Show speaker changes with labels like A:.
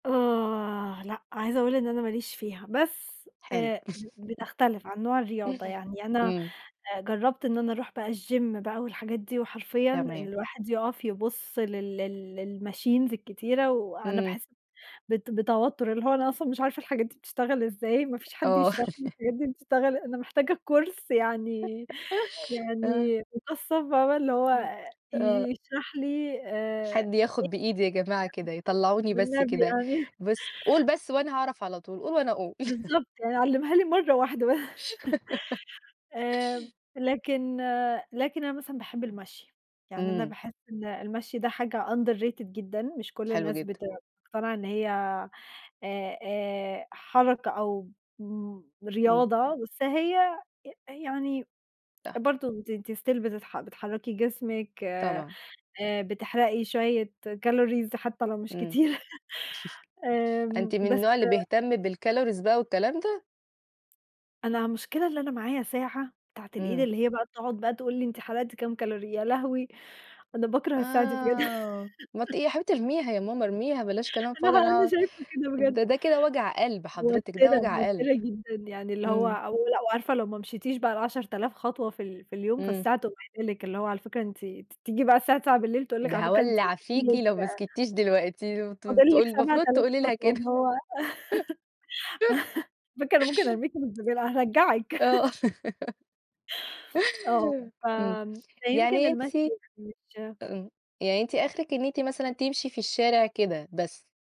A: آه، لأ، عايزة أقول إن أنا ما ليش فيها بس
B: حلو
A: آآ، ب بتختلِف عن نوع الرياضة، يعني أنا
B: إمم.
A: آآ، جرّبت إن أنا أرُوح بقى الgym بقى والحاجات دي وحرفيًا إن
B: تمام.
A: الواحد يُقف يبُصّ لل لل للmachines الكتيرة، وأنا
B: إمم.
A: باحس بت بتوتُّر، اللي هو أنا أصلًا مش عارفة الحاجات دي بتشتغل إزاي، ما فيش حد
B: آه
A: يشرَح لي الحاجات دي بتشتغل أنا محتاجة كورس يعني
B: آه.
A: يعني مُكثّف بقي، اللي هو
B: إمم. آه.
A: يشرَح لي آآ
B: حد ياخد بإيدي يا جماعة كده، يطلّعوني
A: [unintelligible]
B: بس
A: والنبي
B: كده،
A: يعني
B: بس قُل بس وأنا هاعرََف على طول، قُل وأنا هاقول
A: بالضبط، يعني علّمها لي مرَّة واحدة ب آآ، لكن لكن أنا مثلًا باحب المشي، يعني أنا
B: إمم.
A: باحس إن المشي ده حاجة underrated جدًا، مش كلّ
B: حلو
A: الناس
B: جدًا.
A: بتقتنع إن هي آآ، آآ حركة أو مم
B: إمم.
A: رياضة، بس هي يعني
B: صح.
A: برضه ت ت still بتتح بتحرّكي جسمِك آآ،
B: طبعًا.
A: بتحرقي شوية calories حتى لو مش
B: إمم.
A: كتير
B: أنتِ
A: آمم،
B: من
A: بس
B: النوع اللي بيهتم بالcalories بقى والكلام ده؟
A: أنا المشكلة إن أنا معايا ساعة بتاعة الإيد
B: إمم.
A: اللي هي بقى بتقعُد بقى تقول لي أنتِ حرقتِ كام calorie يا لهوي! أنا باكره الساعة دي بجد
B: آه، ما ت يا حبيبتي ارميها يا ماما، ارميها بلاش كلام
A: أنا
B: فاضي،
A: ها أنا
B: أنا
A: شايفة كده بجد.
B: ده ده كده وجع قلْب حضرتِك، ده
A: موتِّرة،
B: وجع قلْب.
A: موتِّرة جدًا، يعني اللي هو
B: إمم.
A: أو ولأ وعارفه لو ما مشيتيش بقى ال10.000 خطوة في ال في اليوم
B: إمم.
A: فالساعة تقوم قايلة لِك، اللي هو على فكرة أنتِ أنتِ بتيجي بقى الساعة 21:00 تقول لِك
B: ده
A: على فكرة أنتِ
B: هاولّع
A: فاضِل
B: فيكِ
A: لِك
B: لو ما سكتتيش دلوقتي، ت
A: فاضل
B: تقول
A: لِك سبعة
B: المفروض
A: آلاف
B: تقولي لها
A: خطوة،
B: كده
A: اللي هو علي فكرة أنا ممكن أرميكِ في الزبالة، هارجّعِك
B: آه
A: آه. ف
B: إمم.
A: آمم فيمكن
B: يعني
A: المشي
B: أنتِ إمم،
A: [unintelligible]
B: يعني أنتِ آخرِك إن أنتِ مثلًا تمشي في الشارع كده، بس.